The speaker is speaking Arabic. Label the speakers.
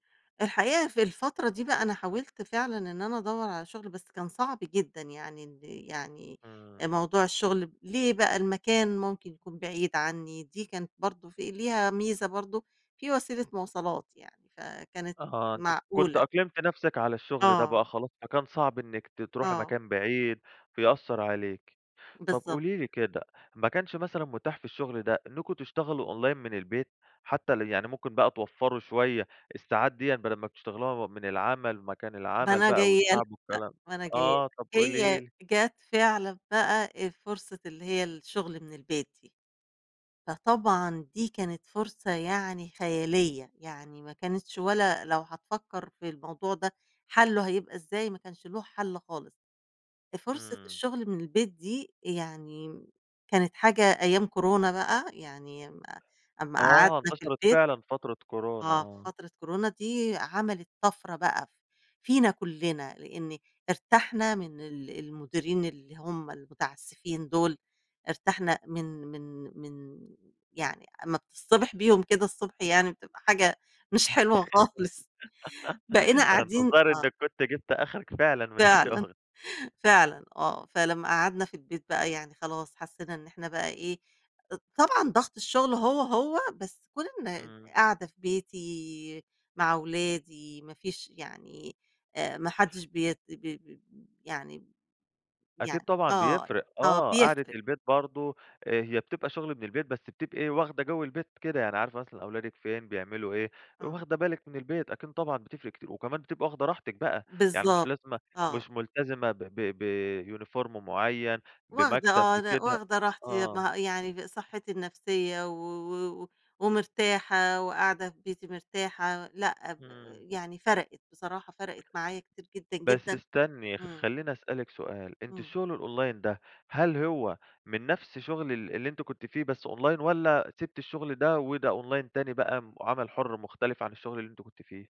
Speaker 1: الحقيقة في الفترة دي بقى، أنا حاولت فعلًا إن أنا أدوّر على شغل بس كان صعب جدًا يعني، ال يعني أ
Speaker 2: إمم.
Speaker 1: موضوع الشغل ب ليه بقى المكان ممكن يكون بعيد عنّي، دي كانت برضه في ليها ميزة برضه في وسيلة مواصلات يعني، فكانت
Speaker 2: أها، أنتِ كنتِ
Speaker 1: معقولة.
Speaker 2: أقلمتِ نفسِك على الشغل ده بقى
Speaker 1: آه.
Speaker 2: خلاص، فكان صعب إنِّك ت تروحي
Speaker 1: آه.
Speaker 2: مكان بعيد، فيأثّر عليكِ. طَب
Speaker 1: بالضبط.
Speaker 2: قولي لي كده، ما كانش مثلًا متاح في الشغل ده إنّكم تشتغلوا Online من البيت، حتى ال يعني ممكن بقى توفروا شوية الساعات ديًا بدل ما بتشتغلوها و من العمل، مكان
Speaker 1: با
Speaker 2: العمل
Speaker 1: أنا
Speaker 2: بقى
Speaker 1: جاية لك،
Speaker 2: والتعب والكلام ده،
Speaker 1: أ ما أنا جاية لك
Speaker 2: آه، طَب قولي
Speaker 1: هي
Speaker 2: لي.
Speaker 1: جات فعلًا بقى أ فرصة اللي هي الشغل من البيت دي، فطبعًا دي كانت فرصة يعني خيالية، يعني ما كانتش ولا لو هتفكّر في الموضوع ده حَلُّه هيبقى إزاي ما كانش لُه حَلّ خالص، أ فرصة
Speaker 2: إمم.
Speaker 1: الشغل من البيت دي يعني، كانت حاجة أيام كورونا بقى يعني أمّا أمّا
Speaker 2: آه،
Speaker 1: قعدنا في
Speaker 2: انتشرت
Speaker 1: البيت
Speaker 2: فعلًا فترة كورونا،
Speaker 1: آه، في
Speaker 2: آه.
Speaker 1: فترة كورونا دي عملت طَفرة بقى ف فينا كلّنا، لإن ارتحنا من ال المديرين اللي هُم المُتعسّفين دول، ارتحنا من من من يعني أمّا بتصطبح بيهم كده الصبح يعني بتبقى حاجة مش حلوة خالص، بقينا
Speaker 2: ده أنتِ
Speaker 1: قاعدين
Speaker 2: الظاهر
Speaker 1: آه.
Speaker 2: إنِّك كنتِ جبتِ أخرِك فعلًا من
Speaker 1: فعلًا،
Speaker 2: الشغل.
Speaker 1: فعلًا آه، فلمّا قعدنا في البيت بقى يعني خلاص حسّينا إن إحنا بقى إيه، أض طبعًا ضغط الشغل هو، هو، بس كون إن
Speaker 2: إمم.
Speaker 1: قاعدة في بيتي، مع ولادي ما فيش يعني، آآ، ما حدش بيت ب ب ب يعني ب
Speaker 2: أكيد
Speaker 1: يعني
Speaker 2: طبعًا
Speaker 1: آه، ي
Speaker 2: بيفرق،
Speaker 1: آه،
Speaker 2: آه، قعدة
Speaker 1: بيفرق.
Speaker 2: البيت برضه أ هي بتبقى شغل من البيت بس بتبقي واخدة جَوّ البيت كده، يعني عارفة مثلًا أولادِك فين بيعملوا إيه،
Speaker 1: آه.
Speaker 2: واخدة بالِك من البيت، أكيد طبعًا بتفرِق كتير، وكمان بتبقى واخدة راحتِك بقى، يعني مش
Speaker 1: بالضبط،
Speaker 2: لازمة
Speaker 1: آه.
Speaker 2: مش ملتزمة ب ب ب uniform معيّن،
Speaker 1: واخدة
Speaker 2: بمكتب،
Speaker 1: آه، لأ
Speaker 2: بكده،
Speaker 1: واخدة راحتي يب
Speaker 2: آه.
Speaker 1: ما يعني ب صحّتي النفسية و و و ومرتاحة وقاعدة في بيتي مرتاحة، لأ ب
Speaker 2: إمم.
Speaker 1: يعني فرَقِت بصراحة، فرَقِت معايا كتير جدًا،
Speaker 2: بس
Speaker 1: جدًا.
Speaker 2: استني،
Speaker 1: إمم.
Speaker 2: خلّيني اسألِك سؤال، أنتِ
Speaker 1: إمم.
Speaker 2: الشغل الOnline ده هل هو من نفس شغل ال اللي أنتِ كنتِ فيه بس Online والَّا سِبتِ الشغل ده وده Online تاني بقى م وعمل حُرّ مختلف عن الشغل اللي أنتِ كنتِ فيه؟